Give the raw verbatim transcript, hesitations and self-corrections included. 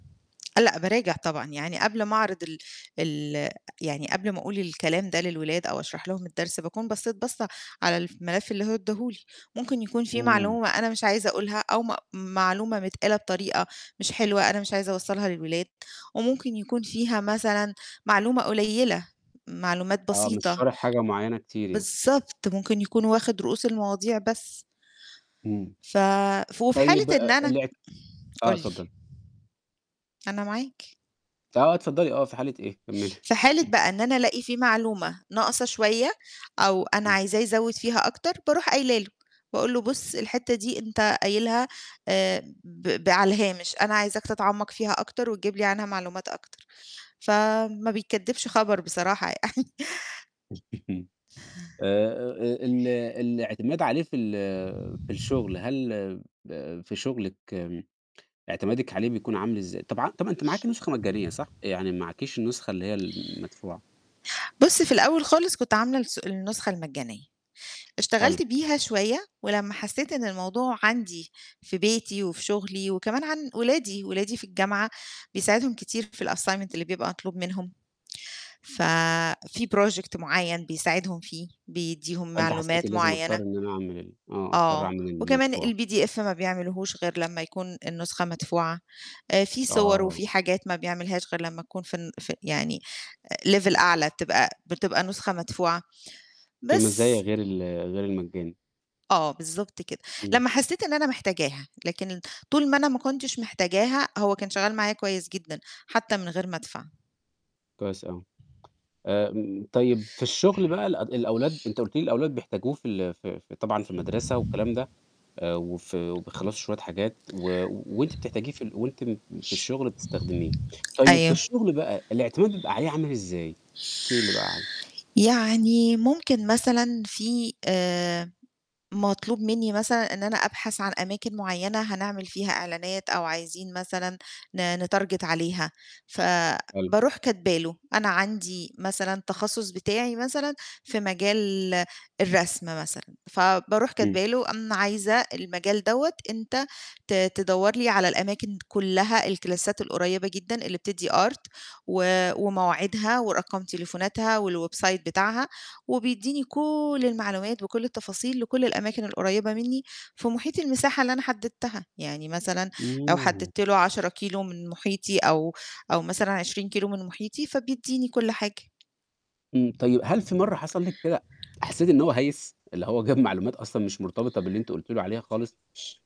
آه، لأ باراجع طبعًا. يعني قبل ما أعرض ال ال يعني قبل ما أقول الكلام ده للولاد أو أشرح لهم الدرس، باكون بصّيت بَصّة على الف ملف اللي هو إدّاه لي، ممكن يكون في إمم. معلومة أنا مش عايزة أقولها أو م معلومة متقالة بطريقة مش حلوة أنا مش عايزة أوصّلها للولاد وممكن يكون فيها مثلًا معلومة قليّلة، معلومات آه، مش بسيطة. شارح حاجة معيّنة كتير يعني. بالضبط، ممكن يكون واخِد رؤوس المواضيع بس. إمم. ف ف وفي حالة طيب إن آآ أنا لعت آه، قُل لي. اتفضلي. أنا معاك. آه اتفضّلي، آه، في حالة إيه؟ كمِّلي. في حالة إمم. بقى إن أنا ألاقي في معلومة ناقصة شوية أو أنا إمم. عايزاه يزوِّد فيها أكتر، باروح قايلة له، باقول له: "بُص، الحتّة دي أنت قايلها آآ ب ب على الهامش، أنا عايزاك تتعمَّق فيها أكتر وتجيب لي عنها معلومات أكتر." فما بيكدِّبش خبر بصراحة. آآ آآ ال الاعتماد عليه في ال في الشُغل، هل ب في شُغلِك اعتمادِك عليه بيكون عامل إزاي؟ طبع طَب ما أنتِ معاكِ نسخة مجانية صح؟ يعني معاكيش النسخة اللي هي المدفوعة. بُص، في الأول خالص كنت عاملة الس النسخة المجانية. اشتغلت حلو. بيها شوية ولمّا حسّيت إن الموضوع عندي في بيتي وفي شُغلي وكمان عن ولادي، ولادي في الجامعة بيساعدهم كتير في الassignment اللي بيبقى مطلوب منهم. ف في project معيّن بيساعدهم فيه، بيدّيهم فأنتِ حسيتِ معلومات لازم معيّنة. أضطر إن أنا أعمل ال آه، أضطر آه. أعمل وكمان المدفوعة. الPDF ما بيعملهوش غير لمّا يكون النُسخة مدفوعة. آآ في صور آه. وفي حاجات ما بيعملهاش غير لمّا تكون في الن في يعني level أعلى بتبقى بتبقى نسخة مدفوعة فيه بس. مزايا غير ال غير المجاني. آه، بالضبط كده. إمم. لمّا حسّيت إن أنا محتاجاها، لكن طول ما أنا ما كنتش محتاجاها، هو كان شغّال معايا كويس جدًا حتّى من غير ما أدفع. كويس أوي. آمم طيب في الشُغل بقى الأد الأولاد أنت قُلتِ لي الأولاد بيحتاجوه في ال في ف طبعًا في المَدرسة والكلام ده آآ وفي وبيخلّصوا شوية حاجات و وأنتِ بتحتاجيه في ال وأنتِ م في الشُغل بتستخدميه، طيب في أيوه. الشُغل بقى الاعتماد بيبقى عليه عامل إزاي، احكي لي بقى عنّه؟ يعني ممكن مثلًا في آآ مطلوب منّي مثلًا إن أنا أبحث عن أماكن معيّنة هنعمل فيها إعلانات أو عايزين مثلًا ن نتارجت عليها، حلو. فباروح كاتبة له أنا عندي مثلًا تخصُّص بتاعي مثلًا في مجال الرسم مثلًا، فباروح إمم. كاتبة له أنا عايزة المجال دوّة أنت ت تدوّر لي على الأماكن كُلّها، الكلاسات القريّبة جدًا اللي بتدّي art آآ ومواعيدها ورقم تليفوناتها والwebsite بتاعها وبيدّيني كل المعلومات بكل التفاصيل لكل الأماكن القريّبة منّي في مُحيط المساحة اللي أنا حدِّدتها. يعني مثلًا لو إمم. حدِّدت له عشرة كيلو من مُحيطي أو أو مثلًا عشرين كيلو من مُحيطي، فبيدّيني كل حاجة. إمم. طيب هل في مرّة حصل لِك كده حسّيتِ إن هو هيِِّس؟ اللي هو جاب معلومات أصلًا مش مرتبطة باللي أنتِ قلتِ له عليها خالص؟